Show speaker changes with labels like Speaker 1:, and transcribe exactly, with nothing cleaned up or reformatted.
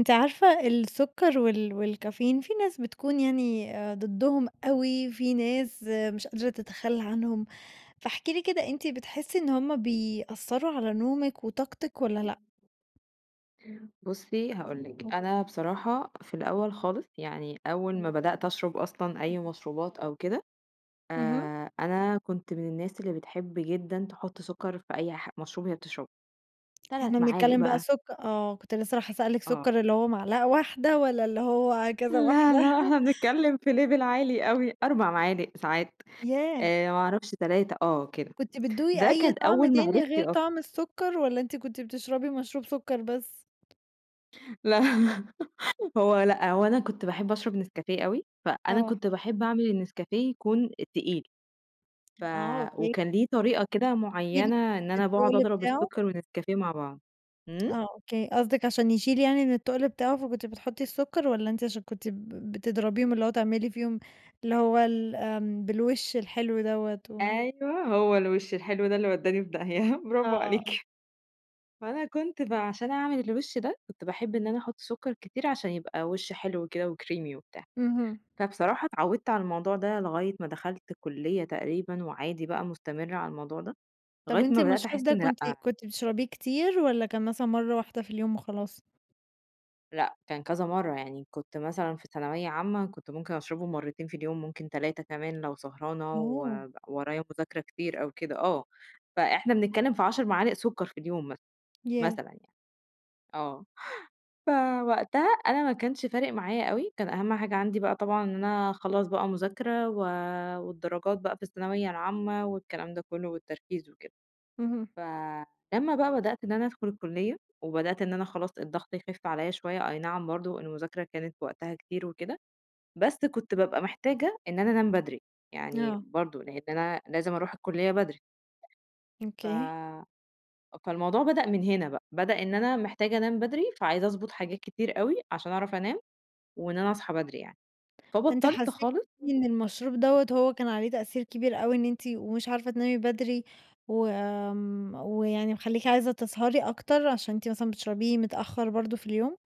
Speaker 1: أنتِ عارفة، السكر وال والكافيين، في ناس بتكون يعني أ ضدّهم أوي، في ناس مش قادرة تتخلّى عنهم، فاحكِ لي كده أنتِ بتحسّي إن هُم بيأثّروا على نومِك وطاقتِك والّا لأ؟
Speaker 2: بُصّي، هاقول لِك، أنا بصراحة في الأول خالص يعني أول ما بدأت أشرَب أصلًا أي مشروبات أو كده،
Speaker 1: اهم.
Speaker 2: آآ، أنا كنت من الناس اللي بتحب جدًا تحُط سُكّر في أي ح مشروب هي بتشربه.
Speaker 1: إحنا
Speaker 2: تلات، معالق
Speaker 1: بنتكلّم بقى
Speaker 2: بقى.
Speaker 1: سُكّ آه، كنت لسه رايحة أسألِك
Speaker 2: آه.
Speaker 1: سُكّر اللي هو معلقة واحدة والّا اللي هو كذا
Speaker 2: لا،
Speaker 1: واحدة؟
Speaker 2: لأ، إحنا بنتكلّم في level عالي أوي، أربع معالق، ساعات،
Speaker 1: ياه!
Speaker 2: آآ، ما أعرفش تلاتة، آه كده،
Speaker 1: كنتِ بتدوقي
Speaker 2: ده
Speaker 1: أي
Speaker 2: كان
Speaker 1: طَعم
Speaker 2: أول
Speaker 1: تاني
Speaker 2: معرفتي
Speaker 1: غير
Speaker 2: أصلًا.
Speaker 1: طَعم السُّكّر والّا أنتِ كنت بتشربي مشروب سُكّر بس؟
Speaker 2: لا هو لأ، هو أنا كنت باحب أشرَب نسكافيه أوي، فأنا
Speaker 1: آه.
Speaker 2: كنت باحب أعمل النسكافيه يكون تقيل، ف
Speaker 1: آه، أوكي.
Speaker 2: وكان ليه طريقة كده
Speaker 1: [unintelligible]
Speaker 2: معيّنة إن أنا باقعُد
Speaker 1: التُّقل
Speaker 2: أضرب
Speaker 1: بتاعه.
Speaker 2: السُّكّر والنسكافيه مع بعض. إمم؟
Speaker 1: آه أوكي، قصدِك عشان يشيل يعني إن التُّقل بتاعه فكنتِ بتحطّي السُّكّر والّا أنتِ عشان كنتِ ب بتضربيهم، اللي هو تعملي فيهم اللي هو ال آمم، بالوِش الحلو دَوّة؟ و
Speaker 2: أيوه، هو الوِش الحلو ده اللي ودّاني في داهية، برافو
Speaker 1: آه.
Speaker 2: عليكِ. فأنا كنت بقى عشان أعمل الوِش ده كنت باحب إن أنا أحُط سُكّر كتير عشان يبقى وِش حلو وكده وcreamie وبتاع.
Speaker 1: اهم.
Speaker 2: فبصراحة اتعوّدت على الموضوع ده لغاية ما دخَلت الكُلّية تقريبًا وعادي بقى مستمِّرة على الموضوع ده،
Speaker 1: طَب
Speaker 2: لغاية
Speaker 1: أنتِ
Speaker 2: ما بدأت
Speaker 1: المشروب
Speaker 2: أحس
Speaker 1: ده
Speaker 2: إن
Speaker 1: كنتِ
Speaker 2: لأ.
Speaker 1: كنتِ بتشرَبيه كتير والّا كان مثلًا مرَّة واحدة في اليوم وخلاص؟
Speaker 2: لأ كان كذا مرَّة، يعني كنت مثلًا في ثانوية عامة، كنت ممكن أشرَبه مرّتين في اليوم، ممكن تلاتة كمان لو سهرانة
Speaker 1: أوه!
Speaker 2: وب ورايا مذاكرة كتير أو كده. آه، فإحنا بنتكلم في عَشر معالق سُكّر في اليوم مثلًا،
Speaker 1: ياه!
Speaker 2: مثلًا يعني. آه فوَقتها أنا ما كانش فارِق معايا أوي، كان أهم حاجة عندي بقى طبعًا إن أنا اخلّص بقى مذاكرة و والدراجات بقى في الثانوية العامة والكلام ده كلّه والتركيز وكده.
Speaker 1: اهم.
Speaker 2: فلمّا بقى بدأت إن أنا أدخُل الكُلّية وبدأت إن أنا خلاص الضغط يخِف عليَّ شوية، أي نعم برضه المذاكرة كانت وقتها كتير وكده، بس كنت بابقى محتاجة إن أنا أنام بدري، يعني
Speaker 1: آه.
Speaker 2: برضه لأن أنا لازم أرُوح الكُلّية بدري. ف
Speaker 1: أوكي.
Speaker 2: فالموضوع بدأ من هنا بقى، بدأ إن أنا محتاجة أنام بدري فعايزة أضبُط حاجات كتير أوي عشان أعرَف أنام وإن أنا أصحى بدري يعني،
Speaker 1: فأنتِ
Speaker 2: فبطّلت
Speaker 1: حسّيتِ
Speaker 2: خالص.
Speaker 1: إن المشروب
Speaker 2: [unintelligible]
Speaker 1: دَوّة هو كان عليه تأثير كبير أوي إن إنتِ ومش عارفة تنامي بدري و آمم، ويعني مخلّيكِ عايزة تسهَري أكتر عشان إنت مثلًا بتشربيه متأخر برضه في اليوم؟